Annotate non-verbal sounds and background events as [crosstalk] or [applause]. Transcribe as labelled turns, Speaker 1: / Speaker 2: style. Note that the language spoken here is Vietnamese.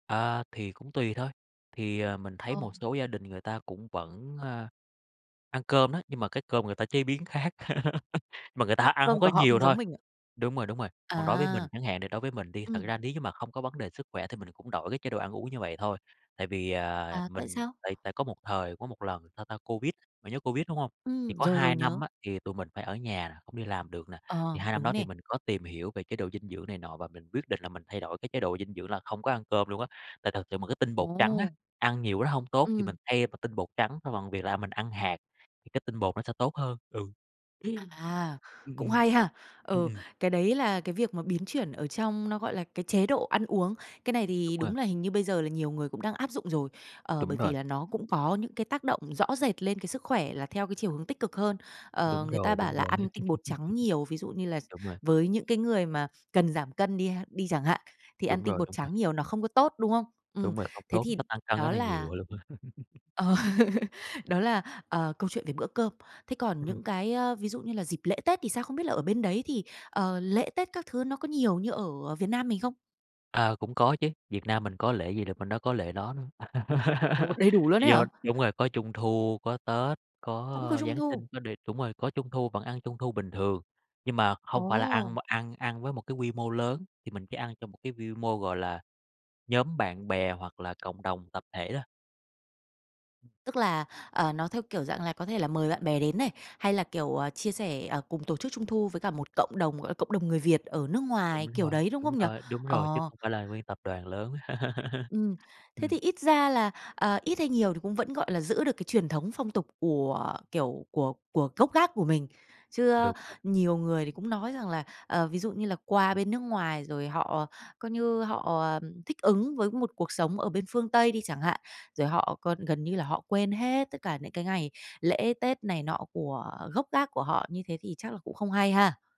Speaker 1: À, thì cũng tùy thôi. Thì, à, mình thấy
Speaker 2: Ờ.
Speaker 1: một số gia đình người ta cũng vẫn, a, ăn cơm đó, nhưng mà cái cơm người ta chế biến khác, [laughs] mà người ta ăn hông
Speaker 2: Cơm
Speaker 1: có
Speaker 2: của họ không
Speaker 1: nhiều thôi.
Speaker 2: giống mình ạ?
Speaker 1: Đúng rồi, đúng rồi, còn đối với mình
Speaker 2: À.
Speaker 1: chẳng hạn, đ đối với mình đi, thật
Speaker 2: Ừm.
Speaker 1: ra nếu như mà không có vấn đề sức khỏe thì mình cũng đổi cái chế độ ăn uống như vậy thôi, tại vì, à,
Speaker 2: À, tại
Speaker 1: mình
Speaker 2: sao?
Speaker 1: tại tại có một thời có một lần, sao ta, Covid, bạn nhớ Covid, đúng hông? Thì
Speaker 2: Ừm,
Speaker 1: có
Speaker 2: rồi,
Speaker 1: 2
Speaker 2: rồi,
Speaker 1: năm
Speaker 2: nhớ.
Speaker 1: á, thì tụi mình phải ở nhà nè, không đi làm được nè, thì
Speaker 2: Ờ,
Speaker 1: 2 năm
Speaker 2: đúng
Speaker 1: đó thì
Speaker 2: nè.
Speaker 1: mình có tìm hiểu về chế độ dinh dưỡng này nọ và mình quyết định là mình thay đổi cái chế độ dinh dưỡng là không có ăn cơm luôn á, tại thực sự mà cái tinh bột trắng á,
Speaker 2: Ồ.
Speaker 1: ăn nhiều nó hông tốt thì mình
Speaker 2: Ừm.
Speaker 1: thay bằng tinh bột trắng bằng bằng việc là mình ăn hạt, thì cái tinh bột nó sẽ tốt hơn, ừ. Ừm.
Speaker 2: À,
Speaker 1: Ừm, ừm.
Speaker 2: cũng
Speaker 1: Ừm,
Speaker 2: hay ha! Ừ,
Speaker 1: ừm.
Speaker 2: cái đấy là cái việc mà biến chuyển ở trong nó gọi là cái chế độ ăn uống. Cái này
Speaker 1: Đúng
Speaker 2: thì
Speaker 1: rồi.
Speaker 2: đúng là hình như bây giờ là nhiều người cũng đang áp dụng rồi, ờ, bởi
Speaker 1: Đúng
Speaker 2: vì
Speaker 1: rồi.
Speaker 2: là nó cũng có những cái tác động rõ rệt lên cái sức khỏe là theo cái chiều hướng tích cực hơn. Ờ,
Speaker 1: Đúng
Speaker 2: người ta
Speaker 1: rồi,
Speaker 2: bảo
Speaker 1: đúng
Speaker 2: là
Speaker 1: rồi.
Speaker 2: ăn tinh bột trắng nhiều, ví dụ như
Speaker 1: [laughs]
Speaker 2: là x
Speaker 1: Đúng rồi.
Speaker 2: với những cái người mà cần giảm cân đi ha đi chẳng hạn, thì ăn
Speaker 1: Đúng
Speaker 2: tinh
Speaker 1: rồi,
Speaker 2: bột
Speaker 1: đúng rồi.
Speaker 2: trắng nhiều nó không có tốt, đúng không? Ừm,
Speaker 1: Đúng rồi, không
Speaker 2: thế
Speaker 1: tốt,
Speaker 2: thì
Speaker 1: nó tăng cân rất
Speaker 2: đó
Speaker 1: là
Speaker 2: là
Speaker 1: nhiều luôn á. [laughs]
Speaker 2: Ờ. Đó là, ờ, câu chuyện về bữa cơm. Thế còn
Speaker 1: Ừm.
Speaker 2: những cái, ơ, ví dụ như là dịp lễ Tết thì sao, không biết là ở bên đấy thì, ờ, lễ Tết các thứ nó có nhiều như ở Việt Nam mình không?
Speaker 1: À, cũng có chứ, Việt Nam mình có lễ gì là bên đó có lễ đó đó luôn.
Speaker 2: Ồ!
Speaker 1: [laughs]
Speaker 2: Đầy đủ luôn ấy
Speaker 1: Do
Speaker 2: hả?
Speaker 1: đúng rồi, có Trung thu, có Tết, có,
Speaker 2: Cũng có
Speaker 1: ơ,
Speaker 2: Trung
Speaker 1: Giáng
Speaker 2: thu?
Speaker 1: sinh, có đề đúng rồi, có Trung thu vẫn ăn Trung thu bình thường, nhưng mà hông phải là ăn
Speaker 2: Ồ!
Speaker 1: mà ăn ăn với một cái quy mô lớn, thì mình chỉ ăn trong một cái vi mô, gọi là, nhóm bạn bè hoặc là cộng đồng tập thể đó. Ừm.
Speaker 2: Tức là, ờ, nó theo kiểu dạng là có thể là mời bạn bè đến này, hay là, kiểu, ờ, chia sẻ, ờ, cùng tổ chức Trung thu với cả một cộng đồng, gọi là, cộng đồng người Việt ở nước
Speaker 1: Đúng
Speaker 2: ngoài, kiểu
Speaker 1: rồi,
Speaker 2: đấy, đúng
Speaker 1: đúng
Speaker 2: không nhỉ?
Speaker 1: rồi, đúng rồi, chứ
Speaker 2: Ờ.
Speaker 1: không phải là nguyên tập đoàn lớn. [laughs]
Speaker 2: Ừm. Thế
Speaker 1: Ừm.
Speaker 2: thì ít ra là, ờ, ít hay nhiều thì cũng vẫn, gọi là, giữ được cái truyền thống phong tục của, kiểu, của của gốc gác của mình. Chứ á,
Speaker 1: Đúng rồi.
Speaker 2: nhiều người thì cũng nói rằng là, ờ, ví dụ như là qua
Speaker 1: Ừm.
Speaker 2: bên nước ngoài rồi họ coi như họ, à, thích ứng với một cuộc sống ở bên phương Tây đi chẳng hạn, rồi họ còn gần như là họ quên hết tất cả những cái ngày lễ, Tết này nọ của gốc gác của họ, như thế thì chắc là cũng không hay ha?